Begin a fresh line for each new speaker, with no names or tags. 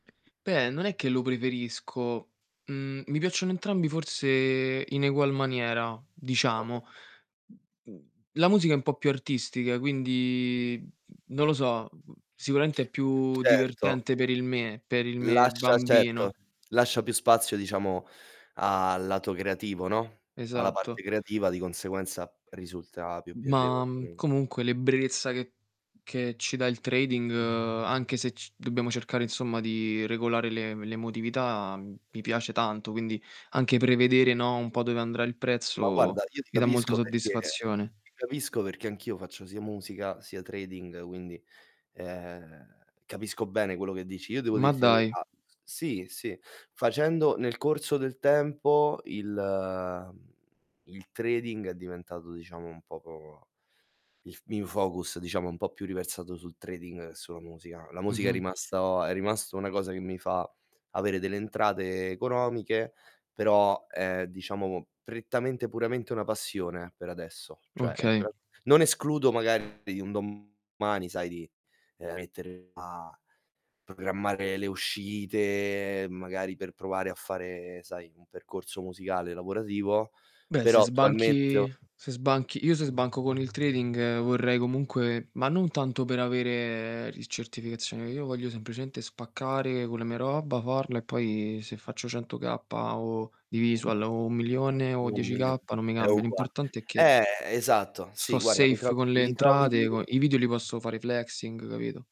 Beh, non è che lo preferisco. Mhmm, mi piacciono entrambi forse in egual maniera,
[unintelligible]
diciamo. Mhmm, la musica è un po' più artistica, quindi, mhmm, non lo so, mhmm, sicuramente è più
Certo.
divertente per il me, per il me
Lascia certo,
bambino.
lascia più spazio, diciamo, al lato creativo, no, alla
Esatto.
parte creativa, di conseguenza risulta più
Ma,
piacevole, mh.
comunque l'ebbrezza che che ci dà il trading, anche se c dobbiamo cercare insomma di regolare l'e l'emotività, mi piace tanto, quindi anche prevedere, no, un po' dove andrà il
Ma
prezzo,
guarda, io ti
mi dà molta
capisco perché
soddisfazione.
ti capisco perché anch'io faccio sia musica sia trading, quindi, ehm, capisco bene quello che dici. Io devo
Ma
dirti la
dai!
verità s sì, sì, facendo nel corso del tempo il mhmm, il trading è diventato diciamo un poco il f il mio focus diciamo un po' più riversato sul trading che sulla musica. La musica è
Mh-mh.
rimasto a è rimasta una cosa che mi fa avere delle entrate economiche, però, è diciamo prettamente puramente una passione, per adesso. Cioè,
Okay.
ecco [unintelligible] non escludo magari un domani, sai, di, ehm, mettermi a programmare le uscite magari per provare a fare, sai, un percorso musicale lavorativo,
Beh, se
però attualmente ho
sbanchi se sbanchi io se sbanco con il trading vorrei comunque ma non tanto per avere il certificazione. Io voglio semplicemente spaccare con le mie roba, farla e poi se faccio 100 kappa o di visual o 1.000.000 o
Un
10
milion
kappa, non mi
è
cambia.
ugual
L'importante è che
eh, esatto. Sì,
sto
guarda, mi
safe
trovi,
con le
mi
entrate, co
trovi
i video li posso fare flexing, capito?